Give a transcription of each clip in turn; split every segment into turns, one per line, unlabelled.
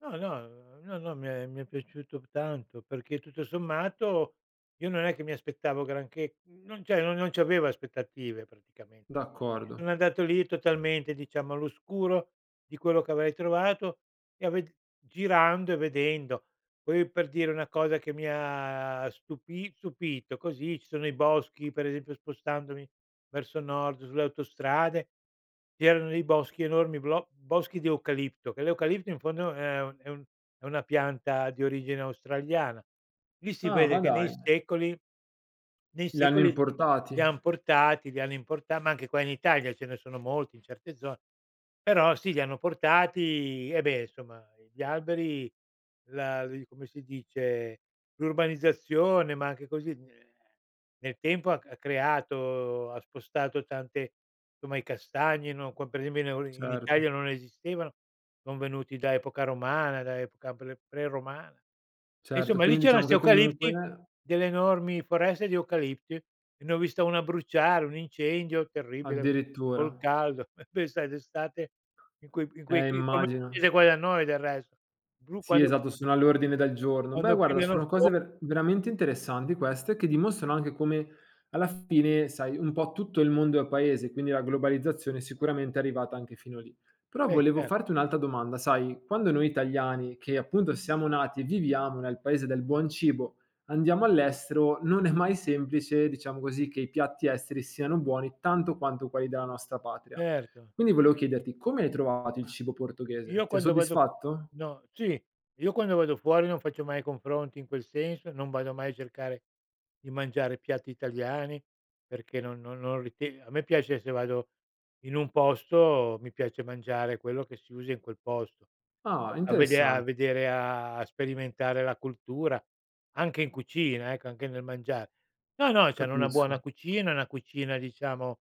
No, no, no, no, mi è mi è piaciuto tanto, perché tutto sommato io non è che mi aspettavo granché, non c'è no non c'avevo aspettative praticamen
D'accordo.
Sono andato lì totalmente, diciamo, all'oscuro di quello che avrei trovato e ave girando e vedendo. Poi, per dire, una cosa che mi ha stupi stupito, così ci sono i boschi per esempio spostandomi verso nord sulle autostrade, c'erano dei boschi, enormi blo boschi di eucalipto, che l'eucalipto in fondo è un è un è una pianta di origine australiana. Lì si
Ah,
vede
ma
che nei
dai!
secoli nei
Li hanno
secoli li
importati.
han portati, li hanno importa ma anche qua in Italia ce ne sono molti in certe zo però sì li hanno portati e, beh somma, ehm, gli alberi, la li come si dice, l'urbanizzazione, ma anche così [unintelligible] nel tempo ha c ha creato, ha spostato tante somma i castagni, no, qua per esempio, in eu in Italia
Certo.
non esistevano, son venuti da epoca romana, da epoca pre pre-romana. E
Certo,
insomma lì
quindi
c'erano
diciamo
'sti
che comunque
eucalipti, delle enormi foreste di eucalipti, e ne ho vista una bruciare, un incendio terribile, col
Addirittura.
caldo. Beh sai d'estate, in quei in quei
Eh,
chi come
immagino.
[unintelligible] qua da noi del resto. Bru
Sì,
quando
esatto, sono all'ordine del giorno. Beh,
quando
guarda,
pigliano
sono
fuo
cose ver veramente interessanti queste, che dimostrano anche come alla fine, sai, un po' tutto il mondo è paese, quindi la globalizzazione sicuramente è arrivata anche fino lì. Però
Beh,
volevo
cer
farti un'altra domanda: sai, quando noi italiani, che appunto siamo nati e viviamo nel paese del buon cibo, andiamo all'estero, non è mai semplice, diciamo così, che i piatti esteri siano buoni tanto quanto quelli della nostra patria.
Certo.
Quindi, volevo chiederti: come hai trovato il
Mah,
cibo portoghese?
io
Ti ha
quando vado
soddisfatto?
no sì, io quando vado fuori non faccio mai confronti in quel senso, non vado mai a cercare di mangiare piatti italiani, perché non no non rite a me piace se vado in un posto, mi piace mangiare quello che si usa in quel posto.
Ah!
A vedea a
Interessante.
vedere, a a sperimentare la cultura, anche in cucina, ecco, anche nel mangiar. No, no, c'hanno una
Capisco.
buona cucina, una cucina diciamo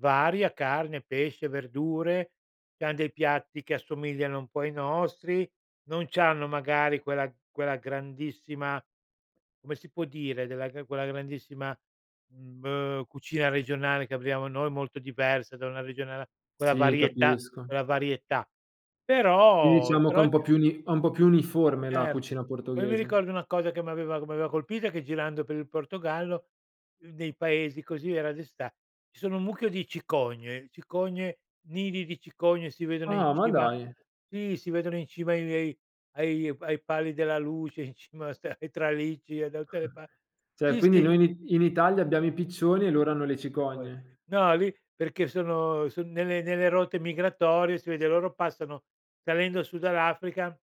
varia: carne, pesce, verdure, c'han dei piatti che assomigliano un po' ai nostri. Non c'hanno magari quella quella grandissima come si può dire, della che quella grandissima, mhmm, beh, cucina regionale che abbiamo noi, molto diversa da una regione all'a quella
Sì,
varietà
capisco.
quella varietà.
Quindi,
Però
diciamo che
però
ho
è
un po' più gni ho un po' più uniforme la
Erto.
cucina
Poi mi
portoghese.
ricordo una cosa che mi aveva che mi aveva colpita, che girando per il Portogallo, uhm, dei paesi, così, era d'esta ci sono un mucchio di cicogne, cicogne, nidi di cicogne si vedono in
Ah, ma
cima
dai!
sì, si vedono in cima ai vei ai pa ai pali della luce, in cima a sta ai tralicci e da tutte le pa
Cioè,
sì,
quindi
sì.
noi in I in Italia abbiamo i piccioni e loro hanno le
E poi
cicogne.
no, lì perché sono son nelle nelle rotte migratorie si vede, loro passano salendo su dall'Africa.